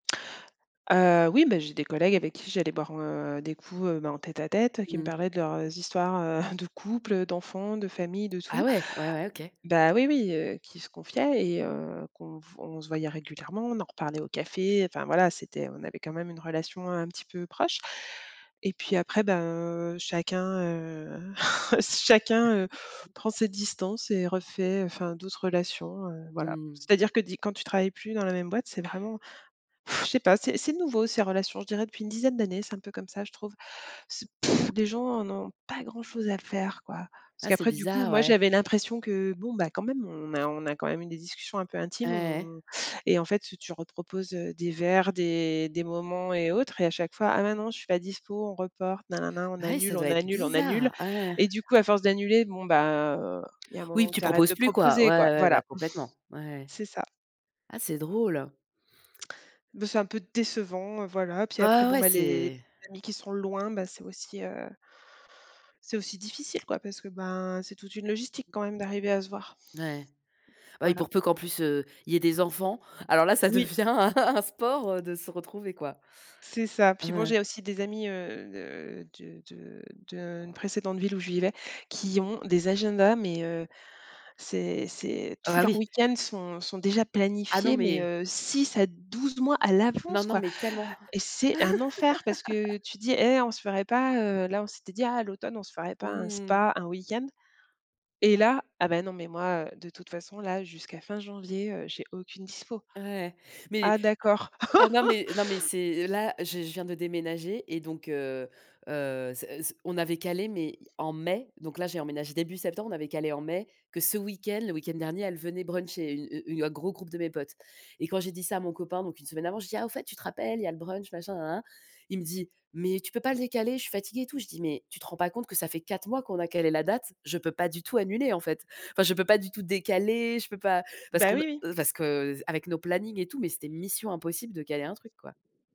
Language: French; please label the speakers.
Speaker 1: Heu, oui, beh, j'ai des collègues avec qui j'allais boire, heu, des coups, heu, ben, en tête-à-tête, qui me
Speaker 2: Mmh.
Speaker 1: parlaient de leurs, heu, histoires, heu, de couple, d'enfants, de famille, de tout
Speaker 2: Ah ouais! Ouais, ouais, OK.
Speaker 1: bah, oui, oui, heu, qui se confiaient et heu, qu'on on se voyait régulièrement, on en reparlait au café, enfin, voilà. C'était on avait quand même une relation un petit peu proche, et puis après, ben, heu, chacun, heu, chacun, heu, prend ses distances et refait, enfin, d'autres relations, heu, voilà.
Speaker 2: Mmh.
Speaker 1: C'est-à-dire que di quand tu travailles plus dans la même boîte, c'est vraiment, je sais pas. C'est c'est nouveau ces relations, je dirais depuis une dizaine d'années, c'est un peu comme ça, je trouve. C'est pff, les gens en ont pas grand-chose à faire, quoi parce
Speaker 2: Ah, c'est
Speaker 1: qu'après, du coup,
Speaker 2: bizarre,
Speaker 1: moi,
Speaker 2: ouais.
Speaker 1: j'avais l'impression que, bon, bah, quand même, on a on a quand même eu des discussions un peu
Speaker 2: Ouais,
Speaker 1: intimes,
Speaker 2: ouais.
Speaker 1: on et en fait, tu reproposes, heu, des verres, des des moments et autres, et à chaque fois: «Ah mais non, je suis pas dispo, on reporte, nanana», on
Speaker 2: Ah oui,
Speaker 1: annule,
Speaker 2: ça
Speaker 1: on
Speaker 2: doit être
Speaker 1: annule, on annule,
Speaker 2: bizarre. Ah ouais.
Speaker 1: et du coup, à force d'annuler, bon, ben, heu, il y a un moment
Speaker 2: Oui,
Speaker 1: où
Speaker 2: tu
Speaker 1: tu arrêtes
Speaker 2: proposes
Speaker 1: de
Speaker 2: plus, quoi.
Speaker 1: proposer,
Speaker 2: Ouais,
Speaker 1: quoi.
Speaker 2: ouais, bah,
Speaker 1: Voilà.
Speaker 2: complètement. Ouais, ouais.
Speaker 1: C'est ça.
Speaker 2: Ah, c'est drôle!
Speaker 1: Beh, c'est un peu décevant, heu, voilà. Puis, après,
Speaker 2: Ah ouais,
Speaker 1: bon,
Speaker 2: ouais,
Speaker 1: bah, les
Speaker 2: c'est
Speaker 1: amis qui sont loin, ben, c'est aussi, heu, c'est aussi difficile, quoi, parce que, ben, c'est toute une logistique, quand même, d'arriver à se voir.
Speaker 2: Ouais, ouais. Ah oui,
Speaker 1: Voilà.
Speaker 2: pour peu qu'en plus, heu, il y ait des enfants. Alors là, ça
Speaker 1: Oui.
Speaker 2: devient un un sport, heu, de se retrouver, quoi.
Speaker 1: C'est ça.
Speaker 2: Ah,
Speaker 1: Puis bon,
Speaker 2: ouais.
Speaker 1: j'ai aussi des amis, heu, de de de d'une précédente ville où je vivais, qui ont des agendas, mais heu, c'est c'est
Speaker 2: Oh,
Speaker 1: tous
Speaker 2: bah,
Speaker 1: leurs
Speaker 2: oui.
Speaker 1: week-end sont sont déjà
Speaker 2: Ah, non,
Speaker 1: planifiés, mais
Speaker 2: mais
Speaker 1: heu, 6 à 12 mois à
Speaker 2: Non,
Speaker 1: l'avance,
Speaker 2: non,
Speaker 1: quoi,
Speaker 2: mais tellement.
Speaker 1: et c'est un enfer, parce que tu dis: «Hé, on se ferait pas, heu» là, on s'était dit: «Ah, à l'automne, on se ferait pas un
Speaker 2: Mmh!
Speaker 1: spa, un week-end?» et là: «Ah, mais non, mais moi, heu, de toute façon, là, jusqu'à fin janvier, heu, j'ai aucune dispo».
Speaker 2: Ouais, ouais mais
Speaker 1: Ah, d'accord!
Speaker 2: ah non, mais non, mais c'est là, je je viens de déménager et donc heu, heu, s s on avait calé, mais en mai, donc là, j'ai emménagé début septembre. On avait calé en mai, que ce week-end, le week-end dernier, elles venaient bruncher une un gros groupe de mes potes, et quand j'ai dit ça à mon copain, donc une semaine avant, je dis: «Ah, au fait, tu te rappelles, il y a le brunch machin, nanana», il me dit: «Mais tu peux pas le décaler? Je suis fatigué et tout.» Je dis: «Mais tu te rends pas compte que ça fait 4 mois qu'on a calé la date? Je peux pas du tout annuler, en fait». Enfin, je ne peux pas du tout décaler, je peux pas, parce
Speaker 1: Bah,
Speaker 2: qu'on
Speaker 1: oui, oui.
Speaker 2: ne parce qu'avec nos plannings et tout, mais c'était mission impossible de caler un truc, quoi.